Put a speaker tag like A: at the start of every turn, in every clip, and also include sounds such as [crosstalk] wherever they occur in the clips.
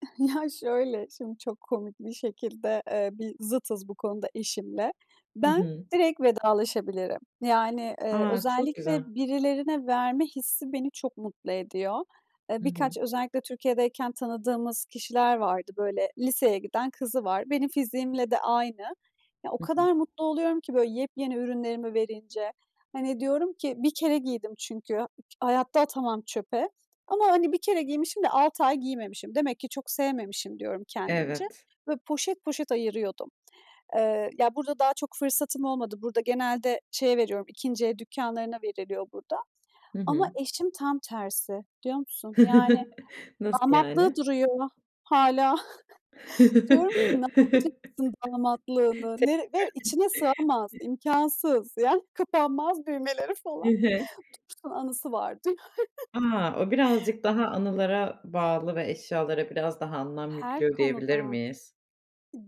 A: [chuckles] Ya şöyle, şimdi çok komik bir şekilde, eee, bir zıtız bu konuda eşimle.
B: Hı
A: Ben
B: hı.
A: direkt vedalaşabilirim. Yani, iii,
B: A, çok
A: özellikle
B: güzel.
A: "birilerine verme hissi" beni çok mutlu ediyor. Eee,
B: Hı hı.
A: birkaç, özellikle Türkiye'deyken tanıdığımız kişiler vardı, böyle, liseye giden kızı var. Benim fiziğimle de aynı. Ya o
B: Hı hı.
A: kadar mutlu oluyorum ki, böyle, yepyeni ürünlerimi verince. Hani diyorum ki: "Bir kere giydim." çünkü. Hayatta atamam çöpe ama hani 1 kere giymişim de, 6 ay giymemişim. "Demek ki, çok sevmemişim." diyorum, kendimce.
B: Evet.
A: Böyle, poşet poşet ayırıyordum. Eee, ya, burada daha, çok fırsatım olmadı. Burada genelde, şeye veriyorum, 2. el dükkânlarına veriliyor burada
B: Hı
A: ama
B: hı.
A: eşim tam tersi. Biliyor musun? Yani,
B: [chuckles] Nasıl
A: damatlığı
B: yani?
A: duruyor hâlâ. [chuckles] Diyorum ki: "Ne yapacaksın
B: [chuckles]
A: damatlığını?" Nere Ve içine sığamaz,
B: [unintelligible]
A: imkânsız. Yani, kapanmaz düğmeleri
B: Hı
A: falan.
B: hı.
A: "Dursun, anısı var." diyor.
B: A, o,
A: [chuckles]
B: birazcık daha anılara bağlı ve eşyalara biraz daha anlam
A: Her
B: yüklüyor, diyebilir
A: konuda,
B: miyiz?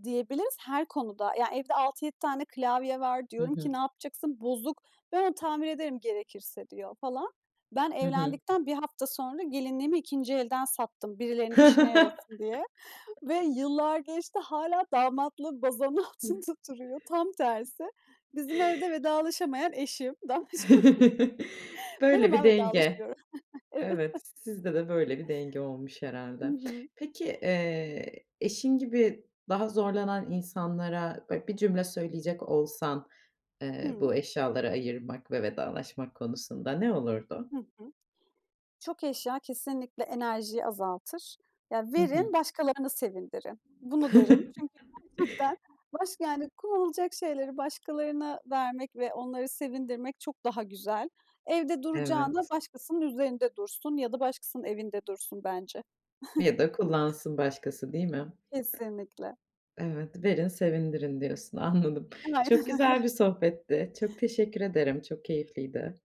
A: diyebiliriz, her konuda. Ya, evde 6, 7 tane klavye var.
B: Hı
A: Diyorum ki:
B: hı.
A: "Ne yapacaksın, bozuk." "Ben onu tamir ederim, gerekirse." diyor, falan. Ben
B: Hı hı.
A: evlendikten 1 hafta sonra gelinliğimi 2. elden sattım, birilerinin işine yarasın diye ve
B: [chuckles]
A: yıllar geçti hâlâ damatlığı bazanın altında duruyor. Tam tersi,
B: [chuckles]
A: bizim evde vedalaşamayan eşim. [chuckles]
B: [chuckles]
A: [unintelligible] Ben
B: Böyle bir
A: hemen
B: denge.
A: vedalaşıyorum. Evet.
B: Evet, sizde de böyle bir denge olmuş
A: Hı
B: herhâlde.
A: hı.
B: Peki, eee, eşin gibi daha zorlanan insanlara böyle bir cümle söyleyecek olsan, eee, bu
A: Hımm.
B: eşyaları ayırmak ve vedalaşmak konusunda, ne olurdu?
A: Hı hı. Çok eşya, kesinlikle enerjiyi azaltır. Ya,
B: Hı hı.
A: verin başkalarını sevindirin. Bunu derim. Çünkü gerçekten baş
B: [chuckles]
A: yani kullanılacak şeyleri başkalarına vermek ve onları sevindirmek çok daha güzel. Evde duracağına,
B: Evet.
A: başkasının üzerinde dursun ya da başkasının evinde dursun bence.
B: Ya
A: [chuckles]
B: da kullansın başkası, değil mi?
A: Kesinlikle.
B: Evet, "verin, sevindirin" diyorsun, anladım.
A: [unintelligible]
B: Çok
A: Aynen öyle.
B: güzel bir sohbetti. Çok teşekkür ederim, çok keyifliydi.